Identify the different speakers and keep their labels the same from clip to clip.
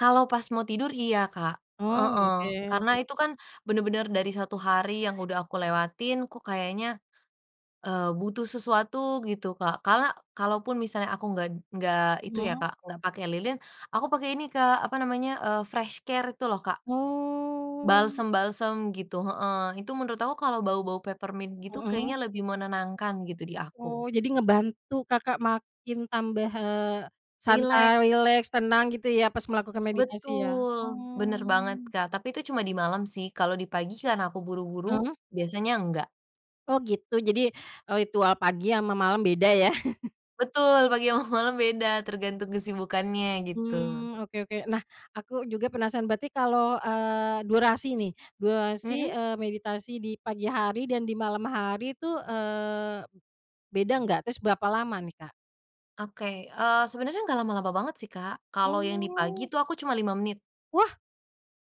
Speaker 1: Kalau pas mau tidur, iya, Kak,
Speaker 2: Oh,
Speaker 1: heeh, karena
Speaker 2: oke.
Speaker 1: itu kan bener-bener dari 1 hari yang udah aku lewatin kok kayaknya, eee, butuh sesuatu gitu, Kak. Karena kalaupun misalnya aku nggak nggak itu ya
Speaker 2: Iya.
Speaker 1: Kak, nggak pakai lilin, aku pakai ini Kak, apa namanya, eee, FreshCare itu loh, Kak.
Speaker 2: Oh.
Speaker 1: Balsem-balsem gitu heeh, itu menurut aku kalo bau-bau peppermint gitu
Speaker 2: Heeh.
Speaker 1: kayaknya lebih menenangkan gitu di
Speaker 2: Oh,
Speaker 1: aku.
Speaker 2: jadi ngebantu Kakak makin tambah, eee, santai,
Speaker 1: Rileks.
Speaker 2: rileks, tenang, gitu ya, pas melakukan meditasi ya?
Speaker 1: Betul, bener banget,
Speaker 2: Oh.
Speaker 1: Kak, tapi itu cuma di malem sih, kalo di pagi karena aku buru-buru,
Speaker 2: Heeh.
Speaker 1: biasanya enggak.
Speaker 2: Oh, gitu, jadi ritual pagi sama malam beda ya?
Speaker 1: Betul, pagi sama malam beda tergantung kesibukannya, gitu.
Speaker 2: Hmm, oke oke, nah, aku juga penasaran, berarti kalau, eee, durasi nih durasi,
Speaker 1: Mhm.
Speaker 2: eee, meditasi di pagi hari dan di malam hari tuh, eee, b beda nggak? Terus berapa lama nih, Kak?
Speaker 1: Oke, eee, sebenernya nggak lama-lama banget sih, Kak,
Speaker 2: Oh,
Speaker 1: kalo yang di pagi
Speaker 2: ya.
Speaker 1: tuh aku cuma 5 menit.
Speaker 2: Wah.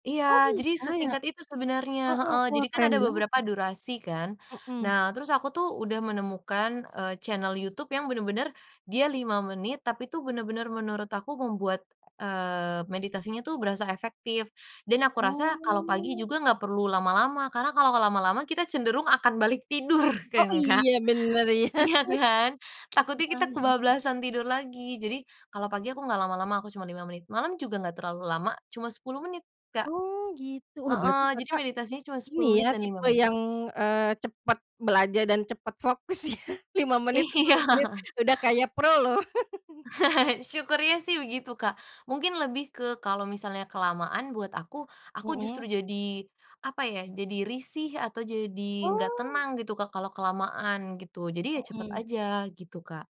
Speaker 1: Iya,
Speaker 2: Oh,
Speaker 1: jadi
Speaker 2: bisa ya?
Speaker 1: sesingkat itu sebenernya
Speaker 2: Heeh,
Speaker 1: heeh,
Speaker 2: wah
Speaker 1: jadi kan
Speaker 2: keren
Speaker 1: ada
Speaker 2: banget.
Speaker 1: beberapa durasi kan,
Speaker 2: Heeh.
Speaker 1: nah, terus aku tuh udah menemukan, eee, channel YouTube yang bener-bener dia 5 menit, tapi tuh bener-bener menurut aku membuat, eee, meditasinya tuh berasa efektif dan aku rasa kalo pagi
Speaker 2: Oh.
Speaker 1: juga gak perlu lama-lama, karena kalo lama-lama kita cenderung akan balik tidur,
Speaker 2: Oh
Speaker 1: kan Kak?
Speaker 2: iya, bener iya.
Speaker 1: Iya kan, takutnya kita
Speaker 2: Kurang, heeh.
Speaker 1: kebablasan tidur lagi. Jadi, kalo pagi aku gak lama-lama aku cuman 5 menit, malam juga gak terlalu lama, cuma 10 menit, Kak
Speaker 2: Oh, gitu, wah, berarti
Speaker 1: heeh, jadi
Speaker 2: Kakak
Speaker 1: meditasinya cuma
Speaker 2: ini
Speaker 1: 10 menit
Speaker 2: ya
Speaker 1: dan 5
Speaker 2: tipe
Speaker 1: menit.
Speaker 2: yang, eee, cepat belajar dan cepat fokus ya 5 menit,
Speaker 1: Iya.
Speaker 2: 10 menit udah kayak pro loh.
Speaker 1: Syukurnya sih begitu Kak, mungkin lebih ke kalo misalnya kelamaan buat aku, aku justru
Speaker 2: Mhm.
Speaker 1: jadi, apa ya, jadi risih atau jadi gak
Speaker 2: Oh.
Speaker 1: tenang, gitu, Kak, kalo kelamaan gitu, jadi ya cepet
Speaker 2: Mhm.
Speaker 1: aja gitu, Kak.